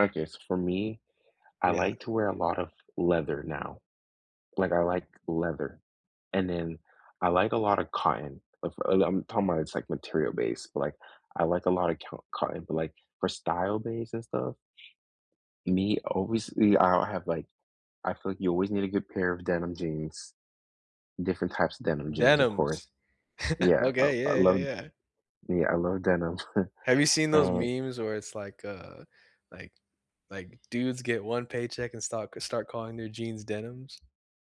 Okay, so, for me, I Yeah. like to wear a lot of leather now. Like, I like leather. And then, I like a lotta cotton, if I I'm talking about it's, like, material-based, but, like, I like a lot of cyo cotton, but, like, for style-based, and stuff Me, obviously I don't have, like I feel like you always need a good pair of denim jeans different types of denim jeans, of course. Denims. Yeah. Oh, Okay, I yeah, yeah, love yeah. Yeah, I love denim. Have you seen those And meme's where it's, like, uh like like, dudes get 1 paycheck and stop c start calling their jeans "Denims"?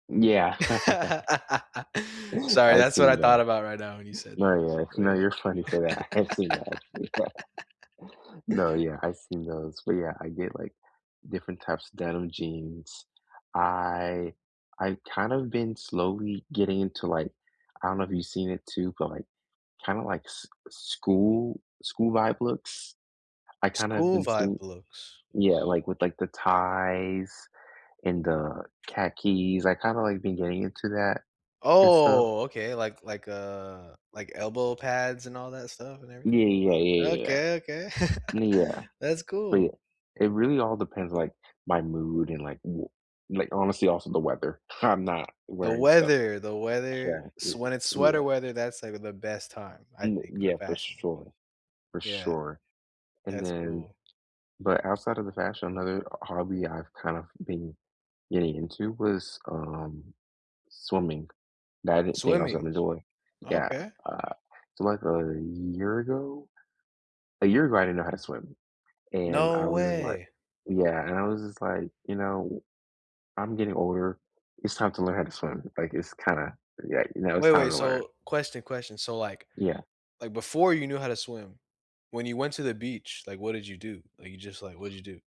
Yeah. Sorry, I've that's what I seen thought that. about right now when you said No, yeah Oh, no, yeah. you're funny for that, I've seen that actually. No, yeah, I've seen those, but, yeah, I get, like, different types of denim jeans. I I kind of been slowly getting into, like I don't know if you've seen it too, but, like, kinda like s school school-vibe looks? I kinda have been seeing School-vibe looks? Yeah, like, with, like, the ties and the khakis. I kinda, like, been getting into that, and stuff. Oh! Okay, like like, uh like elbow pads, and all that stuff, and Yeah, everything? yeah, yeah, yeah, yeah, yeah, Okay, okay. ni yeah, That's but, cool. yeah, it really all depends, like, my mood and, like w like, honestly, also the weather, I'm not The wearing stuff weather! The weather Yeah, y s when it's yeah. sweater weather, that's, like, the best time, I Y think, for yeah, for fashion. sure. For Yeah. sure. And That's then cool. but, outside of the fashion, another o hobby I've, kind of been getting into was, um, swimming. That, I didn't think I was Swimming? gonna enjoy. Yeah, Okay. uh, so, like, a year ago? A year ago, I didn't know how to swim, and, I No was just like way. Yeah. And I was just like, "You know, I'm getting older, it's time to learn how to swim." Like, it's kinda yeah, you know, it's Wait, time wait, to learn. so question, question, so, like Yeah. like, before you knew how to swim, when you went to the beach, like, what did you do? Like, you just, like what'd you do?